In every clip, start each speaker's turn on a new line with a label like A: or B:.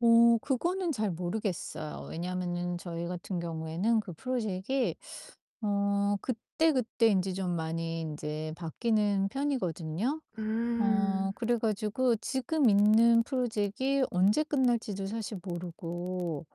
A: 어 그거는 잘 모르겠어요. 왜냐면은 저희 같은 경우에는 그 프로젝이 어 그때그때 인제 좀 많이 인제 바뀌는 편이거든요. 어
B: 음.
A: 그래 가지고 지금 있는 프로젝이 언제 끝날지도 사실 모르고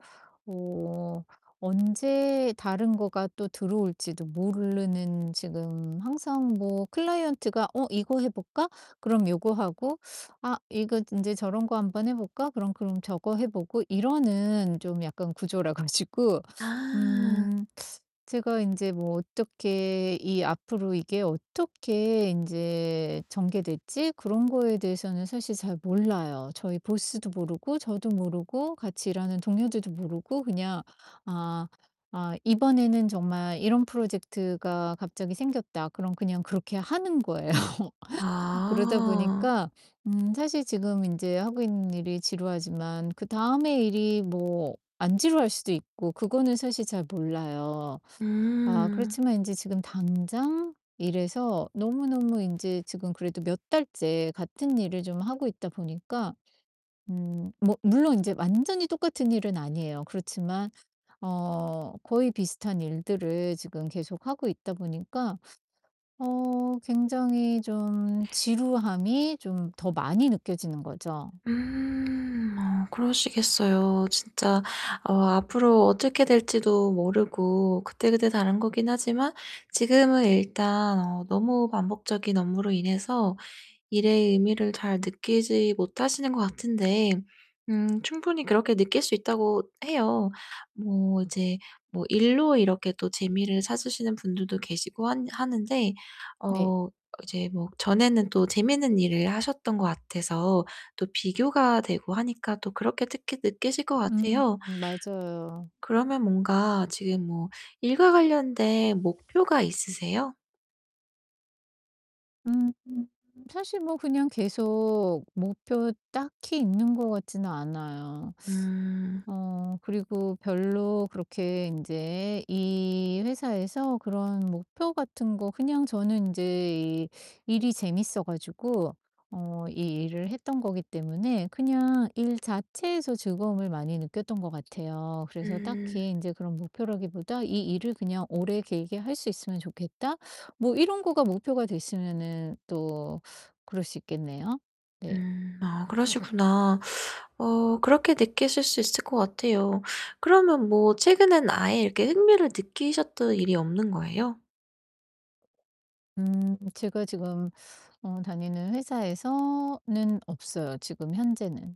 A: 어 언제 다른 거가 또 들어올지도 모르는 지금 항상 뭐 클라이언트가 "어 이거 해 볼까?" 그럼 요거 하고 "아 이거 인제 저런 거 한번 해 볼까?" 그럼 그럼 저거 해 보고 이러는 좀 약간 구조라 가지고
B: 아.
A: 음 제가 인제 뭐 어떻게 이 앞으로 이게 어떻게 인제 전개될지 그런 거에 대해서는 사실 잘 몰라요. 저희 보스도 모르고 저도 모르고 같이 일하는 동료들도 모르고 그냥 아, 아 '이번에는 정말 이런 프로젝트가 갑자기 생겼다.' 그럼 그냥 그렇게 하는 거예요. 그러다
B: 아.
A: 보니까 음 사실 지금 인제 하고 있는 일이 지루하지만 그다음에 일이 뭐 안 지루할 수도 있고 그거는 사실 잘 몰라요. 아
B: 음.
A: 그렇지만 인제 지금 당장 이래서 너무너무 인제 지금 그래도 몇 달째 같은 일을 좀 하고 있다 보니까 음 뭐 물론 인제 완전히 똑같은 일은 아니에요. 그렇지만 어 거의 비슷한 일들을 지금 계속하고 있다 보니까 어 굉장히 좀 지루함이 좀 더 많이 느껴지는 거죠.
B: 음. 어 그러시겠어요. 진짜 어 앞으로 어떻게 될지도 모르고 그때그때 다른 거기는 하지만 지금은 일단 어 너무 반복적인 업무로 인해서 일의 의미를 잘 느끼지 못하시는 것 같은데 음 충분히 그렇게 느낄 수 있다고 해요. 뭐 이제 뭐 일로 이렇게 또 재미를 찾으시는 분들도 계시고 하는 하는데
A: 네.
B: 어 이제 뭐 전에는 또 재밌는 일을 하셨던 것 같아서 또 비교가 되고 하니까 또 그렇게 특히 느끼실 것
A: 음
B: 같아요.
A: 맞아요.
B: 그러면 뭔가 지금 뭐 일과 관련된 목표가 있으세요?
A: 음 사실 뭐 그냥 계속 목표 딱히 있는 것 같지는 않아요.
B: 음.
A: 어 그리고 별로 그렇게 인제 이 회사에서 그런 목표 같은 거 그냥 저는 인제 이 일이 재밌어 가지고 어 이 일을 했던 거기 때문에 그냥 일 자체에서 즐거움을 많이 느꼈던 것 같아요. 그래서
B: 음.
A: 딱히 인제 그런 목표라기보다 '이 일을 그냥 오래 길게 할 수 있으면 좋겠다.' 뭐 이런 거가 목표가 됐으면은 또 그럴 수 있겠네요. 네.
B: 음. 아 그러시구나. 어 그렇게 느끼실 수 있을 것 같아요. 그러면 뭐 최근에는 아예 이렇게 흥미를 느끼셨던 일이 없는 거예요?
A: 음 제가 지금 어 다니는 회사에서는 없어요, 지금 현재는.